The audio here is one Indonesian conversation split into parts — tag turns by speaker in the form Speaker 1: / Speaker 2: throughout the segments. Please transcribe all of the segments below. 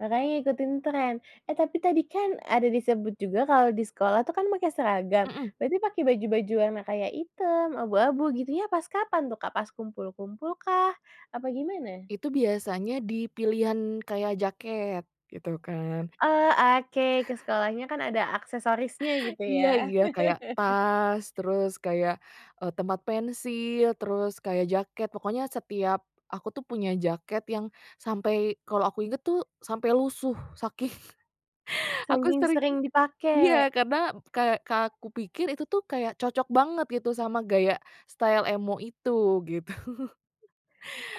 Speaker 1: Makanya ngikutin trend, eh tapi tadi kan ada disebut juga kalau di sekolah tuh kan pakai seragam,
Speaker 2: Mhm.
Speaker 1: berarti pakai baju-baju warna kayak hitam, abu-abu gitunya pas kapan tuh, Kak? Pas kumpul-kumpulkah, apa gimana?
Speaker 2: Itu biasanya di pilihan kayak jaket, gitu kan
Speaker 1: Eee, oke ke sekolahnya kan ada aksesorisnya gitu
Speaker 2: Iya
Speaker 1: ya.
Speaker 2: iya, kayak tas, terus kayak, eee, tempat pensil, terus kayak jaket pokoknya setiap aku tuh punya jaket yang sampai kalau aku inget tuh sampai lusuh, saking aku
Speaker 1: Saking
Speaker 2: sering
Speaker 1: sering
Speaker 2: iya
Speaker 1: dipakai.
Speaker 2: karena kayak ka aku pikir itu tuh kayak cocok banget gitu sama gaya style emo itu, gitu.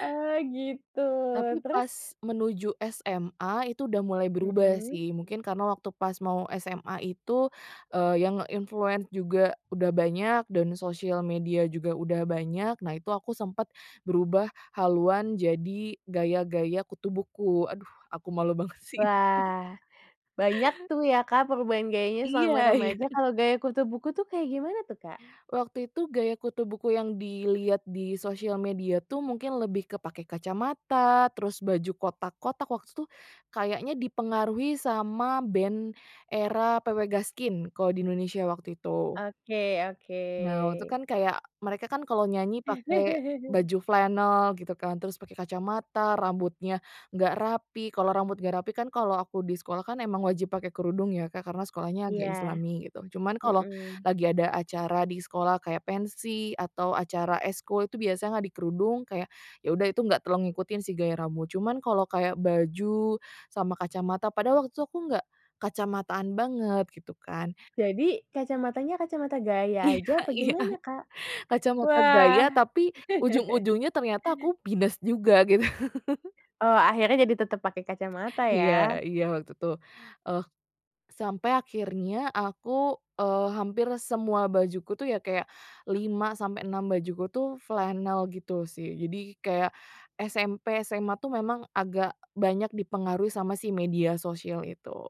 Speaker 1: Oh gitu.
Speaker 2: Tapi
Speaker 1: Terus?
Speaker 2: pas menuju SMA itu udah mulai berubah
Speaker 1: Mmm.
Speaker 2: sih, mungkin karena waktu pas mau SMA itu, eee, yang nge-influence juga udah banyak dan sosial media juga udah banyak, nah itu aku sempet berubah haluan jadi gaya-gaya kutu buku, aduh aku malu banget sih itu.
Speaker 1: Wah. Banyak tuh ya, Kak, perubahan gayanya
Speaker 2: Iya
Speaker 1: selama
Speaker 2: iya.
Speaker 1: remaja,
Speaker 2: Hmm.
Speaker 1: kalau gaya kutu buku tuh kayak gimana tuh, Kak?
Speaker 2: Waktu itu gaya kutu buku yang dilihat di sosial media tuh mungkin lebih ke pakai kacamata, terus baju kotak-kotak, waktu itu kayaknya dipengaruhi sama band era PW Gaskin kalau di Indonesia waktu itu.
Speaker 1: Oke oke.
Speaker 2: Nah, waktu itu kan kayak, mereka kan kalau nyanyi pakai baju flanel gitu kan, terus pakai kacamata, rambutnya enggak rapi, kalau rambut enggak rapi kan kalau aku di sekolah kan emang wajib pakai kerudung ya, Kak, karena sekolahnya agak
Speaker 1: Iya.
Speaker 2: islami gitu. Cuman kalau
Speaker 1: Mmm.
Speaker 2: lagi ada acara di sekolah kayak pensi atau acara ekskul itu biasanya nggak dikerudung, kayak ya udah itu nggak terlalu ngikutin sih gaya rambut, cuman kalau kayak baju sama kacamata padahal waktu itu aku nggak kacamataan banget gitu kan.
Speaker 1: Jadi kacamatanya, kacamata gaya aja
Speaker 2: Iya
Speaker 1: apa
Speaker 2: iya.
Speaker 1: gimana, Kak?
Speaker 2: Kacamata
Speaker 1: Wah.
Speaker 2: gaya tapi ujung-ujungnya ternyata aku minus juga gitu.
Speaker 1: Oh akhirnya jadi tetep pake kacamata
Speaker 2: Iya
Speaker 1: ya.
Speaker 2: iya waktu itu. Eh, sampai akhirnya aku, eee, hampir semua bajuku tuh ya kayak 5 sampai 6 bajuku tuh flanel gitu sih, jadi kayak SMP, SMA tuh memang agak banyak dipengaruhi sama si media sosial itu.